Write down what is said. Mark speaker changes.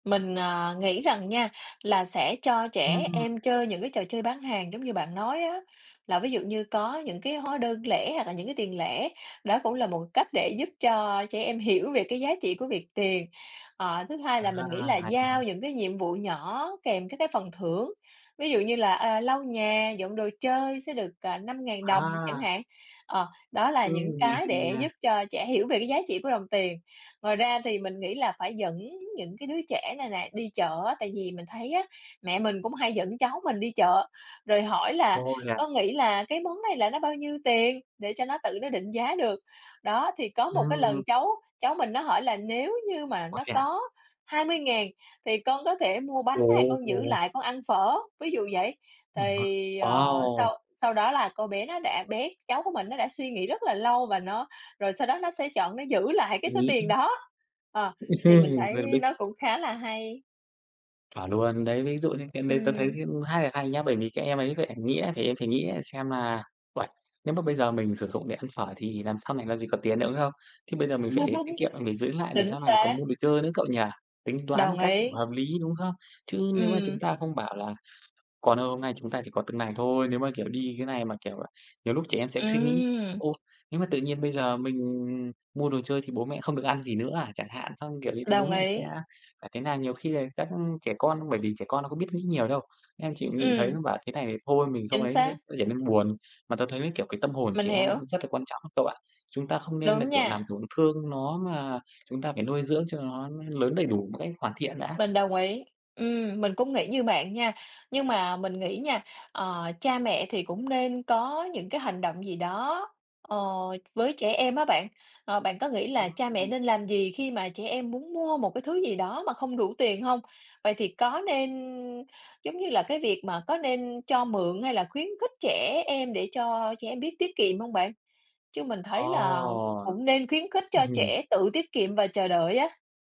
Speaker 1: Mình, ờ, nghĩ rằng nha là sẽ cho trẻ
Speaker 2: Ừm.
Speaker 1: em chơi những cái trò chơi bán hàng giống như bạn nói á, là ví dụ như có những cái hóa đơn lẻ hoặc là những cái tiền lẻ, đó cũng là một cách để giúp cho trẻ em hiểu về cái giá trị của việc tiền. Ờ, thứ hai
Speaker 2: À,
Speaker 1: là mình nghĩ là
Speaker 2: hay nha.
Speaker 1: giao những cái nhiệm vụ nhỏ kèm các cái phần thưởng, ví dụ như là, à, lau nhà, dọn đồ chơi sẽ được, ờ, 5.000 đồng chẳng
Speaker 2: À.
Speaker 1: hạn, ờ, đó là
Speaker 2: Ừm,
Speaker 1: những
Speaker 2: nghe
Speaker 1: cái
Speaker 2: hay
Speaker 1: để
Speaker 2: nha.
Speaker 1: giúp cho trẻ hiểu về cái giá trị của đồng tiền. Ngoài ra thì mình nghĩ là phải dẫn những cái đứa trẻ này nè đi chợ á, tại vì mình thấy á, mẹ mình cũng hay dẫn cháu mình đi chợ, rồi hỏi là
Speaker 2: Ô, yeah.
Speaker 1: "Con nghĩ là cái món này là nó bao nhiêu tiền?" Để cho nó tự nó định giá được. Đó, thì có một cái lần
Speaker 2: Ừm.
Speaker 1: cháu cháu mình nó hỏi là "Nếu như mà
Speaker 2: Ô,
Speaker 1: nó
Speaker 2: thế à?
Speaker 1: có 20.000 thì con có thể mua bánh hay con giữ
Speaker 2: Ồ!
Speaker 1: lại con ăn phở?" Ví dụ vậy.
Speaker 2: Ừm ha.
Speaker 1: Thì, ờ,
Speaker 2: Wow!
Speaker 1: sau sau đó là cô bé nó đã bé cháu của mình nó đã suy nghĩ rất là lâu và nó rồi sau đó nó sẽ chọn nó giữ lại cái
Speaker 2: Suy
Speaker 1: số tiền
Speaker 2: nghĩ.
Speaker 1: đó. Ờ, thì mình thấy
Speaker 2: Mình biết c
Speaker 1: nó cũng khá là hay.
Speaker 2: Chuẩn luôn. Đấy, ví dụ như cái đấy tớ thấy,
Speaker 1: Ừm.
Speaker 2: ưm, khá là hay nhá, bởi vì các em ấy, các ẻm nghĩ là em phải nghĩ xem là "Uầy, nếu mà bây giờ mình sử dụng để ăn phở thì làm sau này làm gì có tiền nữa, đúng không? Thế bây giờ mình phải tiết kiệm, mình phải giữ lại để
Speaker 1: Chính
Speaker 2: sau này có
Speaker 1: xác.
Speaker 2: mua đồ chơi nữa," cậu nhi? Tính toán một
Speaker 1: Đồng
Speaker 2: cách
Speaker 1: ý.
Speaker 2: hợp lý, đúng không? Chứ nếu mà chúng
Speaker 1: Ừm.
Speaker 2: ta không bảo là "Con ơi hôm nay chúng ta chỉ có từng này thôi" nếu mà, kiểu, đi cái này mà, kiểu, nhiều lúc trẻ em sẽ suy nghĩ:
Speaker 1: Ừm.
Speaker 2: "Ô, nếu mà tự nhiên bây giờ mình mua đồ chơi thì bố mẹ không được ăn gì nữa à?" Chẳng hạn, xong, kiểu, "Như thế thì bố
Speaker 1: Đồng
Speaker 2: mẹ sẽ
Speaker 1: ý.
Speaker 2: phải thế nào?" Nhiều khi là các trẻ con bởi vì trẻ con nó có biết nghĩ nhiều đâu, em chỉ nhìn thấy
Speaker 1: Ừm.
Speaker 2: nó bảo thế này thì thôi mình không
Speaker 1: Chính
Speaker 2: ấy nó sẽ
Speaker 1: xác.
Speaker 2: nó trở nên buồn. Mà tớ thấy, kiểu, cái tâm hồn của
Speaker 1: Mình
Speaker 2: trẻ em
Speaker 1: hiểu.
Speaker 2: cũng rất là quan trọng cậu ạ, chúng ta không nên là,
Speaker 1: Đúng
Speaker 2: kiểu, làm
Speaker 1: nha.
Speaker 2: tổn thương nó mà chúng ta phải nuôi dưỡng cho nó lớn đầy đủ một cách hoàn thiện đã.
Speaker 1: Mình đồng ý. Ừm, mình cũng nghĩ như bạn nha, nhưng mà mình nghĩ nha, ờ, cha mẹ thì cũng nên có những cái hành động gì đó, ờ, với trẻ em á bạn, ờ, bạn có nghĩ là cha mẹ
Speaker 2: [unintelligible]
Speaker 1: nên làm gì khi mà trẻ em muốn mua một cái thứ gì đó mà không đủ tiền hông? Vậy thì có nên giống như là, cái việc mà có nên cho mượn hay là khuyến khích trẻ em để cho trẻ em biết tiết kiệm hông bạn? Chứ mình thấy
Speaker 2: Ồ!
Speaker 1: là cũng nên khuyến khích
Speaker 2: Ừm
Speaker 1: cho
Speaker 2: hừm.
Speaker 1: trẻ tự tiết kiệm và chờ đợi á.